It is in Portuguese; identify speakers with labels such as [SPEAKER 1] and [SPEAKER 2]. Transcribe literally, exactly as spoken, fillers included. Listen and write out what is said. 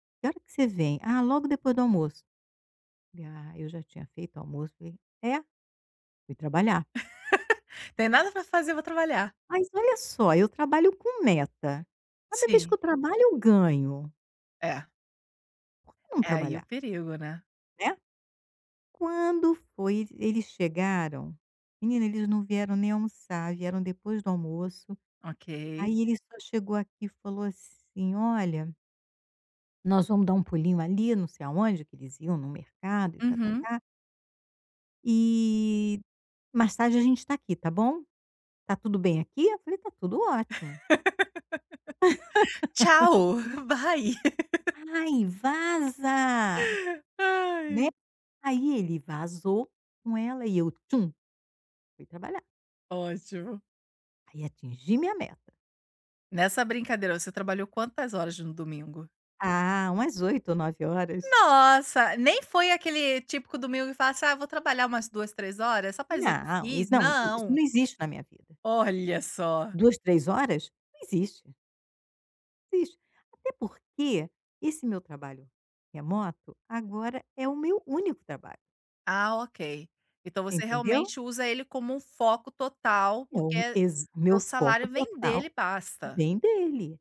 [SPEAKER 1] “Que hora que você vem?”, “Ah, logo depois do almoço." Eu falei: “Ah", eu já tinha feito o almoço, falei: “É?” Fui trabalhar.
[SPEAKER 2] Tem nada para fazer, vou trabalhar.
[SPEAKER 1] Mas, olha só, eu trabalho com meta. Cada vez que eu
[SPEAKER 2] Sim.
[SPEAKER 1] trabalho eu ganho.
[SPEAKER 2] É.
[SPEAKER 1] Por que não
[SPEAKER 2] É aí o
[SPEAKER 1] trabalhar?
[SPEAKER 2] perigo, né?
[SPEAKER 1] Né. Quando foi e eles chegaram, menina, eles não vieram nem almoçar, vieram depois do almoço.
[SPEAKER 2] Ok.
[SPEAKER 1] Aí, ele só chegou aqui e falou assim: "Olha" "nós vamos dar um pulinho ali não sei aonde.", que eles iam num mercado e
[SPEAKER 2] Uhum.
[SPEAKER 1] tá-tá-tá "e, mais tarde, a gente está aqui, tá bom? Está tudo bem aqui?" Eu falei: "Está tudo ótimo".
[SPEAKER 2] Tchau, vai.
[SPEAKER 1] "Ai, vaza", né?
[SPEAKER 2] Ai.
[SPEAKER 1] Aí ele vazou com ela e eu tchum fui trabalhar.
[SPEAKER 2] Ótimo.
[SPEAKER 1] Aí atingi minha meta.
[SPEAKER 2] Nessa brincadeira, você trabalhou quantas horas no domingo?
[SPEAKER 1] Ah, umas oito ou nove horas.
[SPEAKER 2] Nossa, nem foi aquele típico domingo que fala assim: "Ah, vou trabalhar umas duas, três horas só para dizer que eu
[SPEAKER 1] Não,
[SPEAKER 2] fiz.",
[SPEAKER 1] isso não, i isso
[SPEAKER 2] não.
[SPEAKER 1] não existe na minha vida.
[SPEAKER 2] Olha só.
[SPEAKER 1] duas, três, horas? Não existe. Não existe, até porque esse meu trabalho remoto agora é o meu único trabalho.
[SPEAKER 2] Ah, ok. Então você
[SPEAKER 1] Entendeu?
[SPEAKER 2] realmente usa ele como um foco total,
[SPEAKER 1] É o úni
[SPEAKER 2] porque
[SPEAKER 1] exa o
[SPEAKER 2] teu
[SPEAKER 1] meu foco
[SPEAKER 2] salário vem dele,
[SPEAKER 1] total.
[SPEAKER 2] basta.
[SPEAKER 1] Vem dele.